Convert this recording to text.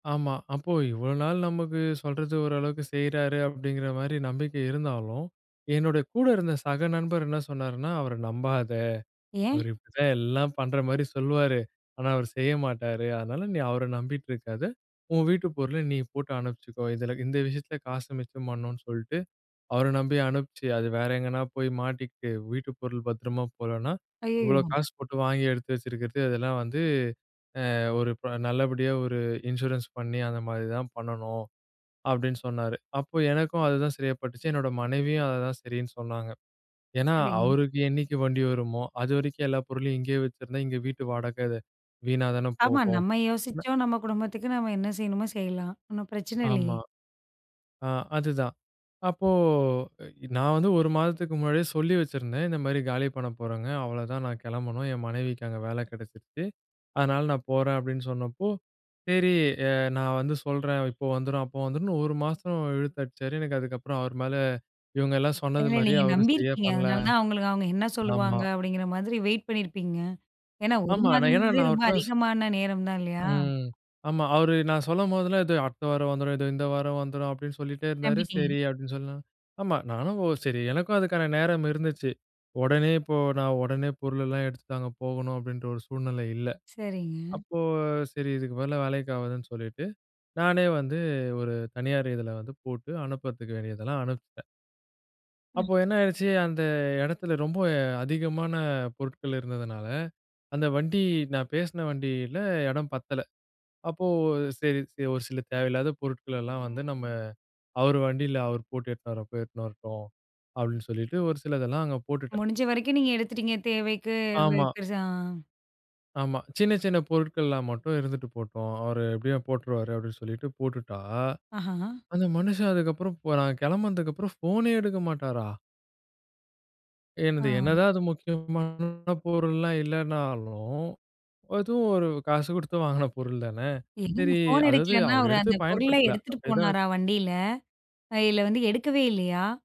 ஆமா, அப்போ இவ்ளோ நாள் நமக்கு சொல்றது ஓரளவுக்கு செய்றாரு அப்டிங்கிற மாரி நம்பிக்கை இருந்தாலும், என்னுடைய கூட இருந்த சக நண்பர் என்ன சொன்னாருன்னா அவர நம்பாத, ஏன்? அவரு இப்டித்தான் எல்லாம் பண்ற மாரி சொல்லுவாரு. ஆனா, அவரு செய்ய மாட்டாரு, அதனால நீ அவர நம்பிட்டு இருக்காத, உன் வீட்டு பொருள நீ போட்டு அனுப்பிச்சுக்கோ, இதுல இந்த விஷயத்துல காச மிச்சம் பண்ணனும்னு சொல்லிட்டு அவர நம்பி அனுப்பிச்சு, அது வேற எங்கனா போய் மாட்டிக்கிட்டு வீட்டு பொருள் பத்திரமா போகலனா, இவ்ளோ அய்யய்யோ! காசு போட்டு வாங்கி எடுத்து வச்சிருக்கிறது இதெல்லாம் வந்து, அ, ஒரு ப நல்லபடியா, ஒரு இன்சூரன்ஸ் பண்ணி அந்த மாரி தான் பண்ணனும் அப்டின்னு சொன்னாரு. அப்போ எனக்கும் அதுதான் சரியா பட்டுச்சு, என்னோட மனைவியும் அததான் சரின்னு சொன்னாங்க. ஏன்னா, சரிங்க. அவருக்கு என்னைக்கு வண்டி வருமோ அதுவரைக்கும் எல்லா பொருளையும் இங்கே வச்சிருந்தா இங்க வீட்டு வாடகை வீணாதான ஆமா, போகும். நம்ம யோசிச்சோம் நம்ம குடும்பத்துக்கு நாம என்ன செய்யணுமோ செய்யலாம். ஒண்ணும் பிரச்சனை இல்லையே. ஆமா. ஆ, அதுதான். அப்போ நான் வந்து ஒரு மாதத்துக்கு முன்னாடியே சொல்லி வச்சிருந்தேன். இந்த மாரி காலி பண்ண போறேங்க, அவ்ளோதான் நான் கெளம்பனும் என் மனைவிக்கு அங்க வேல கெடச்சிருச்சு. அதனால நான் போறேன் அப்டின்னு சொன்னப்போ, சரி அ நான் வந்து சொல்றேன், இப்போ வந்துரும் அப்போ வந்துரும்னு ஒரு மாசம் இழுத்தடிச்சாரு. எனக்கு அதுக்கப்புறம் அவர் மேல இவங்க எல்லாம் சொன்னது இல்ல. மாரியே நீங்க அவரு நம்பி சரியா இருக்கீங்க. பண்ணல. அதனாலதான் உங்களுக்கு அவங்க என்ன ஆமா. சொல்லுவாங்க அப்டிங்கிற மாதிரி வெயிட் பண்ணி இருப்பீங்க. ஏன்னா, ஒரு ஆமா, மாதம் ஏன்னா முழவே நான் ரொம்ப அவர்ட்ட சொ அதிகமான நேரம் தான். இல்லையா? ம். ஆமா அவரு நான் சொல்லும்போதெல்லாம் இதோ அடுத்த வாரம் வந்துரும், இதோ இந்த வாரம் வந்துரும் அப்டின்னு சொல்லிட்டே இருந்தாரு நம்பிட்டீங்க. சரி அப்டின்னு சொல்ல ஆமா. நானும் ஒ, சரி எனக்கும் அதுக்கான நேரம் இருந்துச்சு. உடனே இப்போ நான் உடனே பொருள் எல்லாம் எடுத்துட்டு அங்க போகணும் அப்டின்ற ஒரு சூழ்நிலை இல்ல. சரிங்க. அப்போ சரி இதுக்கு, பதிலா வேலைக்கு ஆகாதுன்னு சொல்லிட்டு, நானே வந்து ஒரு தனியார் இதுல வந்து போட்டு அனுப்பறதுக்கு வேண்டியதெல்லாம் அனுப்பிச்சிட்டேன். ம். அப்போ என்ன ஆயிடுச்சு அந்த எடத்துல ரொம்ப அதிகமான பொருட்கள் இருந்ததுனால, அந்த வண்டி நான் பேசுன வண்டில இடம் பத்தல. அப்போ சரி சரி, ஒரு சில தேவையில்லாத பொருட்கள் எல்லாம் வந்து நம்ம அவரு வண்டில அவரு போட்டு எட்டுன்னு வரப்போ எட்டுன்னு வரட்டும், அப்டின்னு சொல்லிட்டு ஒரு சிலதெல்லாம் அங்க போட்டுட்டேன். முடிஞ்ச வரைக்கும் நீங்க எடுத்துட்டீங்க தேவைக்கு, ஆமா. பெருசா, ஆ. ஆமா, சின்ன சின்ன பொருட்கள்லாம் மட்டும் இருந்துட்டு போட்டும் அவரு எப்டியும் போட்டுருவாரு, அப்டின்னு சொல்லிட்டு போட்டுட்டா, அஹஹா. அந்த மனுஷன் அதுக்கப்புறம் போ நான் கெளம்புனதுக்கப்புறம் போனே எடுக்க மாட்டாரா? என்னது ஆ. என்னதான் அது முக்கியமான பொருள்லாம் இல்லனாலும், அதுவும் ஒரு காசு குடுத்து வாங்குன பொருள் தான. என்னங்க சரி ஃபோன் அதாவது எடுக்கலைன்னா அவரு அவர் எடுத்து அந்தப் பொருள பயன்படுத்தல எடுத்துட்டு அப்டியே தான் வெச்சி போனாரு வண்டியில? அ இல்ல வந்து எடுக்கவே இல்லையா?